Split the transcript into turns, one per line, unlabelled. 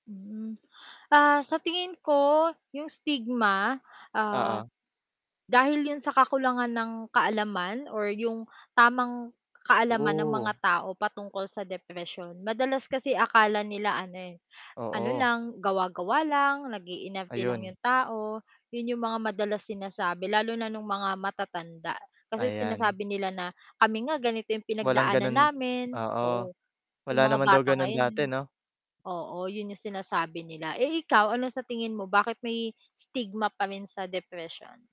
Hmm, ah, sa tingin ko 'yong stigma, ah,
Oo.
dahil 'yon sa kakulangan ng kaalaman or 'yong tamang kaalaman ng mga
Oo.
tao patungkol sa depresyon. Madalas kasi akala nila ano, eh, ano
Oo.
lang, gawa-gawa lang, nag-iinarte lang
Ayun
'yong tao, 'yon 'yong mga madalas sinasabi lalo na no'ng mga matatanda. Kasi
Ayan.
sinasabi nila na, "Kami nga ganito 'yong
Walang
pinagdaanan
gano'n
namin."
oo,
Oo.
wala
"'Yong mga
naman daw
bata
gano'n dati,
ngayon"
'no?
Oo, 'yon 'yong sinasabi nila. Eh, ikaw ano sa tingin mo, bakit may stigma pa rin sa depression?